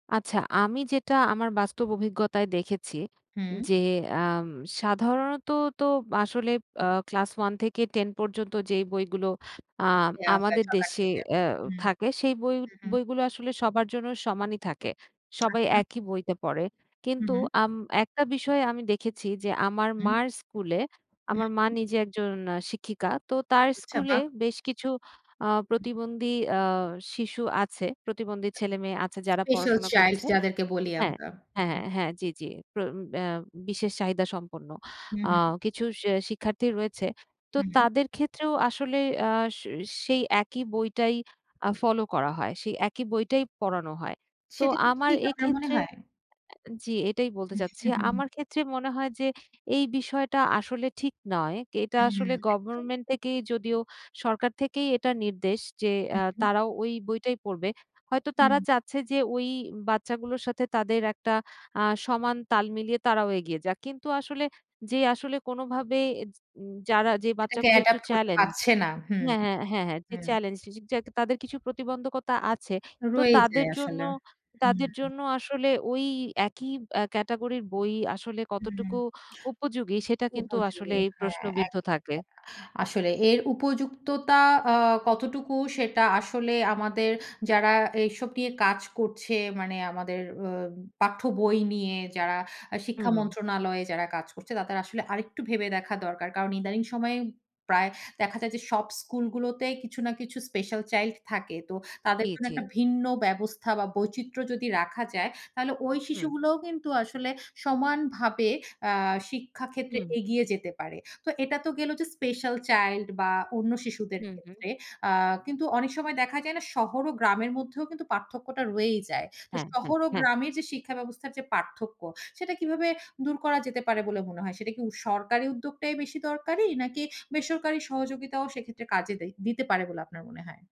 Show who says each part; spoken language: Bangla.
Speaker 1: আচ্ছা। আমি যেটা আমার বাস্তব অভিজ্ঞতায় দেখেছি।
Speaker 2: হুম।
Speaker 1: যে, আম সাধারণত তো আসলে আ ক্লাস 1 থেকে 10 পর্যন্ত যে বইগুলো আ
Speaker 2: দেওয়া হয়
Speaker 1: আমাদের
Speaker 2: সকাল
Speaker 1: দেশে
Speaker 2: থেকে,
Speaker 1: অ্যা
Speaker 2: হুম।
Speaker 1: থাকে সেই বই
Speaker 2: হু, হু।
Speaker 1: বইগুলো আসলে সবার জন্য সমানই থাকে, সবাই
Speaker 2: আচ্ছা।
Speaker 1: একই বইতে পড়ে।
Speaker 2: হুম,
Speaker 1: কিন্তু
Speaker 2: হুম।
Speaker 1: আম একটা বিষয় আমি দেখেছি যে আমার
Speaker 2: হুম।
Speaker 1: মার স্কুলে,
Speaker 2: হুম,
Speaker 1: আমার মা
Speaker 2: হুম।
Speaker 1: নিজে একজন আ শিক্ষিকা। তো তার
Speaker 2: আচ্ছা,
Speaker 1: স্কুলে
Speaker 2: বাহ!
Speaker 1: বেশ কিছু আ
Speaker 2: হুম।
Speaker 1: প্রতিবন্ধী আ শিশু আছে, প্রতিবন্ধী ছেলেমেয়ে আছে যারা
Speaker 2: স্পেশাল
Speaker 1: পড়াশোনা
Speaker 2: চাইল্ড
Speaker 1: করছে।
Speaker 2: যাদেরকে বলি
Speaker 1: হ্যাঁ।
Speaker 2: আমরা,
Speaker 1: হ্যাঁ,
Speaker 2: হুম।
Speaker 1: হ্যাঁ, হ্যাঁ। জ্বি, জ্বি। প্র আ বিশেষ চাহিদা সম্পন্ন
Speaker 2: হুম,
Speaker 1: আ
Speaker 2: হুম।
Speaker 1: কিছু শি শিক্ষার্থী রয়েছে। তো
Speaker 2: হু, হুম।
Speaker 1: তাদের ক্ষেত্রেও আসলে আ সে সেই একই বইটাই আ ফলো করা হয়, সেই একই বইটাই পড়ানো হয়। তো
Speaker 2: সেটা কি
Speaker 1: আমার
Speaker 2: ঠিক আপনার মনে
Speaker 1: এক্ষেত্রে
Speaker 2: হয়?
Speaker 1: জ্বি এটাই বলতে চাচ্ছি। আমার ক্ষেত্রে মনে হয় যে, এই বিষয়টা আসলে ঠিক নয়, এটা
Speaker 2: হুম,
Speaker 1: আসলে
Speaker 2: একদম।
Speaker 1: গভর্নমেন্ট থেকেই যদিও সরকার থেকেই এটা নির্দেশ যে
Speaker 2: হু,
Speaker 1: আ
Speaker 2: হু।
Speaker 1: তারাও ওই বইটাই পড়বে। হয়তো তারা
Speaker 2: হুম।
Speaker 1: চাচ্ছে যে, ওই বাচ্চাগুলোর সাথে তাদের একটা আ সমান তাল মিলিয়ে তারাও এগিয়ে যাক। কিন্তু আসলে, যে আসলে, কোনোভাবে এজ যারা যে
Speaker 2: সেটাকে
Speaker 1: বাচ্চাগুলো একটু
Speaker 2: অ্যাডপ্ট করতে
Speaker 1: চ্যালেঞ্জ
Speaker 2: পারছে না। হুম,
Speaker 1: হ্যাঁ, হ্যাঁ, হ্যাঁ, হ্যাঁ জি
Speaker 2: হুম।
Speaker 1: চ্যালেঞ্জড জি, জি, যা তাদের কিছু প্রতিবন্ধকতা আছে তো
Speaker 2: রয়েই
Speaker 1: তাদের
Speaker 2: যায়
Speaker 1: জন্য
Speaker 2: আসলে, হুম,
Speaker 1: তাদের
Speaker 2: হু।
Speaker 1: জন্য আসলে ঐ একই আ ক্যাটাগরির বই আসলে
Speaker 2: হুম,
Speaker 1: কতটুকু উপযোগী সেটা কিন্তু
Speaker 2: উপযোগী
Speaker 1: আসলেই
Speaker 2: হ্যাঁ,
Speaker 1: প্রশ্নবিদ্ধ
Speaker 2: একদমই
Speaker 1: থাকে।
Speaker 2: [unintelligible] আসলে এর উপযুক্ততা আ কতটুকু সেটা আসলে আমাদের যারা এসব নিয়ে কাজ করছে মানে আমাদের অ পাঠ্য বই নিয়ে যারা আ
Speaker 1: হু,
Speaker 2: শিক্ষা
Speaker 1: হু।
Speaker 2: মন্ত্রণালয়ে যারা কাজ করছে তাদের আসলে আরেকটু ভেবে দেখা দরকার। কারণ ইদানিং সময়ে প্রায় দেখা যায় যে, সব স্কুলগুলোতে কিছু না কিছু স্পেশাল চাইল্ড থাকে, তো তাদের
Speaker 1: জ্বি,
Speaker 2: জন্য
Speaker 1: জ্বি।
Speaker 2: একটা ভিন্ন ব্যবস্থা বা বৈচিত্র্য যদি রাখা যায় তাহলে ওই
Speaker 1: হুম।
Speaker 2: শিশুগুলোও কিন্তু আসলে সমানভাবে আ শিক্ষা ক্ষেত্রে
Speaker 1: হুম।
Speaker 2: এগিয়ে যেতে পারে। তো এটা তো গেলো যে স্পেশাল চাইল্ড বা অন্য শিশুদের
Speaker 1: হু, হু।
Speaker 2: ক্ষেত্রে। আ কিন্তু অনেক সময় দেখা যায় না শহর ও গ্রামের মধ্যেও কিন্তু পার্থক্যটা রয়েই যায়। তো
Speaker 1: হ্যাঁ, হ্যাঁ,
Speaker 2: শহর ও
Speaker 1: হ্যাঁ।
Speaker 2: গ্রামের যে শিক্ষা ব্যবস্থার যে পার্থক্য সেটা কীভাবে দূর করা যেতে পারে বলে মনে হয়? সেটা কি উস সরকারি উদ্যোগটাই বেশি দরকারি? নাকি বেসরকারি সহযোগিতাও সেক্ষেত্রে কাজে দেই দিতে পারে বলে আপনার মনে হয়?